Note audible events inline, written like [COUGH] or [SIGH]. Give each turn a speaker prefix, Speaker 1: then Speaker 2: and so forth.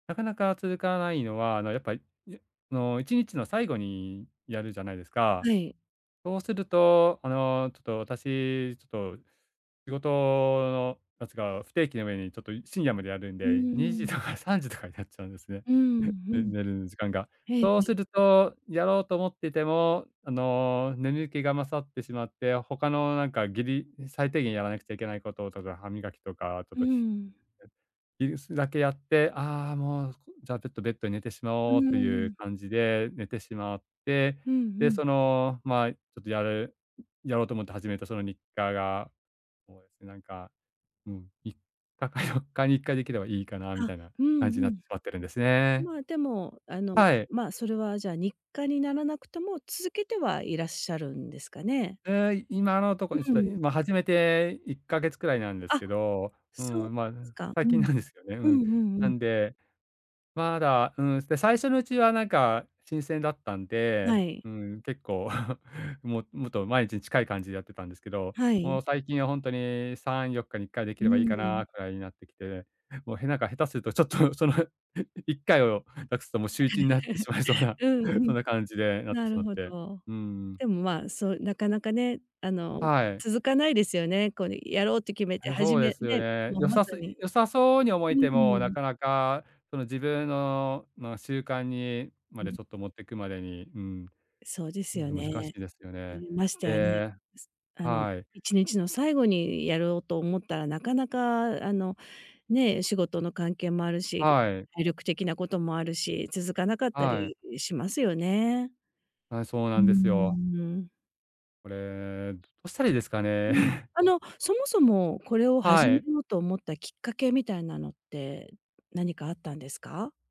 Speaker 1: なかなか続かないのは、あのやっぱ、いあの1日の最後にやるじゃないですか。
Speaker 2: はい。
Speaker 1: そうすると、あの、ちょっと私、ちょっと仕事のなんつうか、不定期な上にちょっとい深夜までやるん
Speaker 2: うん
Speaker 1: で
Speaker 2: う
Speaker 1: 2時
Speaker 2: ん。
Speaker 1: とか3時とかになっちゃうんですね。
Speaker 2: うん、う
Speaker 1: ね
Speaker 2: ん。
Speaker 1: 寝る時間が。
Speaker 2: へいへ
Speaker 1: そうす
Speaker 2: い。
Speaker 1: るとやろうと思っててもあの、眠気が勝ってしまって、他のなんかギリ最低限やらなくちゃいけないこととか、歯磨きとかちょっ
Speaker 2: う
Speaker 1: と、ひ
Speaker 2: ん。
Speaker 1: え、いそいだけやって、ああもうこじゃあベットベッドに寝てしま
Speaker 2: う
Speaker 1: おうという
Speaker 2: ん。
Speaker 1: 感じで寝てしまって、
Speaker 2: うんう
Speaker 1: で、
Speaker 2: ん。
Speaker 1: その、まあちょっとやるやろうと思って始めたその日課が、そうですねなんか、うん、3日か4日に1回できればいいかなみ
Speaker 2: あ、
Speaker 1: たいな
Speaker 2: うん
Speaker 1: 感じに
Speaker 2: う
Speaker 1: なって
Speaker 2: ん。
Speaker 1: しまってるんですね。
Speaker 2: ま、でも、あの、
Speaker 1: はい。
Speaker 2: ま、それはじゃあ日課にならなくても続けてはいらっしゃるんですかね？
Speaker 1: ええ、い今のとこにち
Speaker 2: う
Speaker 1: ょっと
Speaker 2: ん。
Speaker 1: いま、始めて1か月くらいなんです
Speaker 2: あ、
Speaker 1: けど、う
Speaker 2: そうで
Speaker 1: ん、ま、
Speaker 2: すか。
Speaker 1: 最
Speaker 2: う
Speaker 1: 近
Speaker 2: ん。
Speaker 1: なんですよね。う
Speaker 2: う
Speaker 1: ん。
Speaker 2: んうんう
Speaker 1: な
Speaker 2: ん。
Speaker 1: んで、まだ、うん。そ、で、最初のうちはなんか新鮮だったん
Speaker 2: は
Speaker 1: で、
Speaker 2: い。
Speaker 1: うん、結構、[LAUGHS] ももっと毎日に近い感じでやってたんですけど、
Speaker 2: は
Speaker 1: も
Speaker 2: い。
Speaker 1: う最近は本当に3、4日に1回でき
Speaker 2: う
Speaker 1: ればいいか
Speaker 2: ん。
Speaker 1: なくらいになってきて。もうへなんか下手するとちょっとその、1回を無くすともう週1になって
Speaker 2: [CHUCKLES]
Speaker 1: しまいそうな、
Speaker 2: うんう
Speaker 1: そん
Speaker 2: ん。
Speaker 1: な感じでなって
Speaker 2: な
Speaker 1: し
Speaker 2: る
Speaker 1: まっ
Speaker 2: ほ
Speaker 1: て。
Speaker 2: ど。
Speaker 1: うん。
Speaker 2: でもまあ、そうなかなかね、あの、
Speaker 1: はい。
Speaker 2: 続かないですよね。こうね、やろうって決めて、
Speaker 1: はい、
Speaker 2: 初
Speaker 1: そうで
Speaker 2: め
Speaker 1: すよ
Speaker 2: ね、
Speaker 1: ね。
Speaker 2: もう
Speaker 1: 良
Speaker 2: まさ
Speaker 1: さす
Speaker 2: に
Speaker 1: 良さそうに思え
Speaker 2: う
Speaker 1: ても、な
Speaker 2: ん。
Speaker 1: かなかその自分の、まあ習慣にま
Speaker 2: う
Speaker 1: で
Speaker 2: ん。
Speaker 1: ちょっと持っていくまでに、うん。
Speaker 2: そうで
Speaker 1: う
Speaker 2: す
Speaker 1: ん、
Speaker 2: よ
Speaker 1: そう難し
Speaker 2: ね。
Speaker 1: いですよね。
Speaker 2: うん、ましてやね、
Speaker 1: で、
Speaker 2: すあの、
Speaker 1: はい。
Speaker 2: 1日の最後にやろうと思ったら、なかなかあのね、仕事の関係もあるし、け
Speaker 1: はい。
Speaker 2: 体力的なこともあるし。続かなかった
Speaker 1: はい。
Speaker 2: りしますよね。
Speaker 1: はい、そう
Speaker 2: う
Speaker 1: な
Speaker 2: ー
Speaker 1: んですよ。
Speaker 2: ん。
Speaker 1: これ、どどうしたらいいですかね。
Speaker 2: うん。
Speaker 1: [CHUCKLES]
Speaker 2: あの、そもそもこれを
Speaker 1: は
Speaker 2: 始め
Speaker 1: い。
Speaker 2: ようと思ったきっかけみたいなのって何かあったんですか？